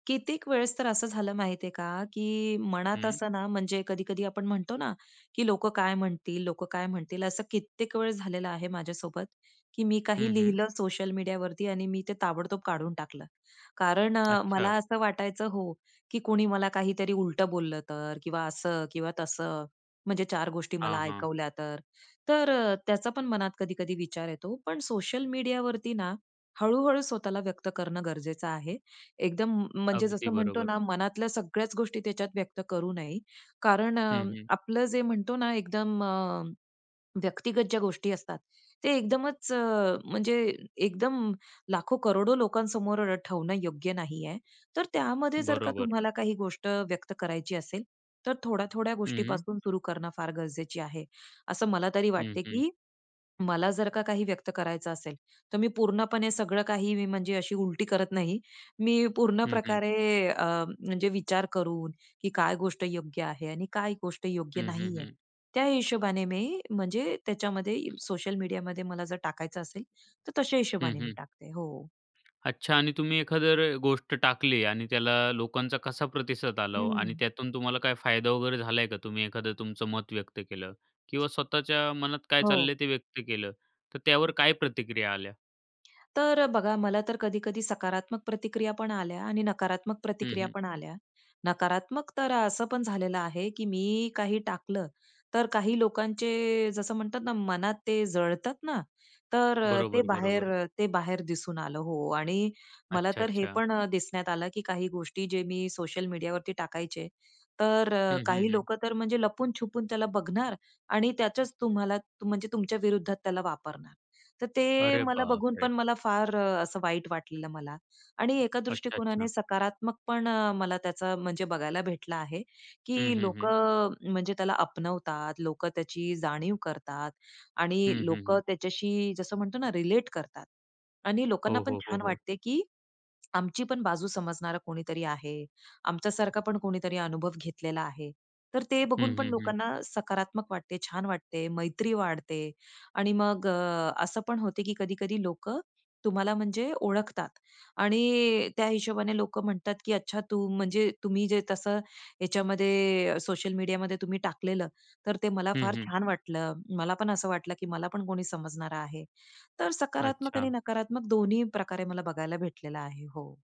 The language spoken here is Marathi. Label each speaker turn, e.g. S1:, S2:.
S1: कित्येक वेळेस तर असं झालं माहिती आहे का, की मनात
S2: हं.
S1: असं ना, म्हणजे कधी कधी आपण म्हणतो ना, की "लोकं काय म्हणतील, लोकं काय म्हणतील," असं कित्येक वेळेस झालेलं आहे माझ्यासोबत. की मी
S2: हं,
S1: काही
S2: हं.
S1: लिहिलं सोशल मीडियावरती आणि मी ते ताबडतोब काढून टाकलं, कारण अ,
S2: अच्छा.
S1: मला असं वाटायचं हो, की कुणी मला काहीतरी उलटं बोललं तर असं किंवा तसं. म्हणजे 4 गोष्टी मला
S2: हां, हां.
S1: ऐकवल्या तर. तर अ, त्याचा पण मनात कधी-कधी विचार येतो. पण सोशल मीडियावरती ना, हळूहळू स्वतःला व्यक्त करणं गरजेचं आहे. एकदम म म्हणजे
S2: अगदी
S1: जसं म्हणतो
S2: बरोबर.
S1: ना मनातल्या सगळ्याच गोष्टी त्याच्यात व्यक्त करू नये, कारण अ,
S2: हं, हं.
S1: आपलं जे म्हणतो ना, एकदम अ, व्यक्तिगत ज्या गोष्टी असतात, ते एकदमच अ, म्हणजे एकदम लाखो, करोडो, लोकांसमोर ठेवणं योग्य नाही आहे. तर त्यामध्ये जर का
S2: बरोबर.
S1: तुम्हाला काही गोष्ट व्यक्त करायची असेल, तर थोड्या थोड्या
S2: हं.
S1: गोष्टीपासून सुरू करणं फार गरजेची आहे, असं मला तरी
S2: हं,
S1: वाटते.
S2: हं.
S1: की मला जर का काही व्यक्त करायचं असेल, तर मी पूर्णपणे सगळं काही मी म्हणजे अशी उलटी करत नाही. मी पूर्ण
S2: हं, हं.
S1: प्रकारे अ, म्हणजे विचार करून, की काय गोष्ट योग्य आहे आणि काय गोष्ट योग्य
S2: हं, हं,
S1: नाही आहे.
S2: हं.
S1: त्या हिशोबाने मी म्हणजे त्याच्यामध्ये सोशल मीडियामध्ये मला जर टाकायचं असेल तर तशा
S2: हं,
S1: हिशोबाने मी
S2: हं.
S1: टाकते हो.
S2: अच्छा आणि तुम्ही एखादी जर गोष्ट टाकली आणि त्याला लोकांचा कसा प्रतिसाद आला ओ आणि
S1: हं.
S2: त्यातून तुम्हाला काय फायदा वगैरे झाला आहे का? तुम्ही एखादा तुमचं मत व्यक्त केलं किंवा स्वतःच्या मनात काय
S1: हो.
S2: चाललं आहे ते व्यक्त केलं तर त्यावर काय प्रतिक्रिया आल्या?
S1: तर बघा, मला तर कधी-कधी सकारात्मक प्रतिक्रिया पण आल्या आणि नकारात्मक
S2: हं,
S1: प्रतिक्रिया
S2: हं.
S1: पण आल्या. नकारात्मक तर असं पण झालेलं आहे, की मी काही टाकलं, तर काही लोकांचे जसं म्हणतात ना, मनात ते जळतात ना, तर अ, ते बाहेर
S2: बरोबर-बरोबर.
S1: अ, ते बाहेर दिसून आलं हो आणि मला तर हे
S2: अच्छा-अच्छा.
S1: पण अ, दिसण्यात आलं की काही गोष्टी जे मी सोशल मीडियावरती टाकायचे. तर
S2: हं,
S1: अ,
S2: हं,
S1: काही
S2: हं.
S1: लोकं तर अ, म्हणजे लपून छपून त्याला बघणार आणि त्याचच तुम्हाला म्हणजे तुमच्या विरुद्धात त्याला वापरणार. तर ते
S2: अरे
S1: मला बघून
S2: बापरे!
S1: पण मला फार असं वाईट वाटलेलं, मला आणि एका दृष्टिकोनाने
S2: अच्छा-अच्छा.
S1: सकारात्मक पण मला त्याचा म्हणजे बघायला भेटलं आहे.
S2: हं,
S1: की
S2: हं, हं.
S1: लोकं अ, म्हणजे त्याला आपणवतात लोकं, त्याची जाणीव करतात आणि
S2: हं, हं,
S1: लोकं
S2: हं.
S1: त्याच्याशी जसं म्हणतो ना, रिलेट करतात आणि लोकांना
S2: हो,
S1: पण
S2: हो, हो,
S1: छान
S2: हो.
S1: वाटते, की आमची पण बाजू समजणारा कोणीतरी आहे. आमच्यासारखा पण कोणीतरी अनुभव घेतलेला आहे. तर ते बघून
S2: हं,
S1: पण
S2: हं, हं.
S1: लोकांना सकारात्मक वाटते, छान वाटते, मैत्री वाढते आणि मग असं पण होते की कधी-कधी लोकं तुम्हाला म्हणजे ओळखतात. आणि त्या हिशोबाने लोकं म्हणतात, की अच्छा तू म्हणजे तुम्ही जे तसं ह्याच्यामध्ये सोशल मीडियामध्ये तुम्ही टाकलेलं, तर ते मला
S2: हं,
S1: फार
S2: हं.
S1: छान वाटलं. मला पण असं वाटलं की मला पण कोणी समजणारं आहे. तर सकारात्मक आणि
S2: अच्छा.
S1: नकारात्मक दोन्हीप्रकारे मला बघायला भेटलेलं आहे हो.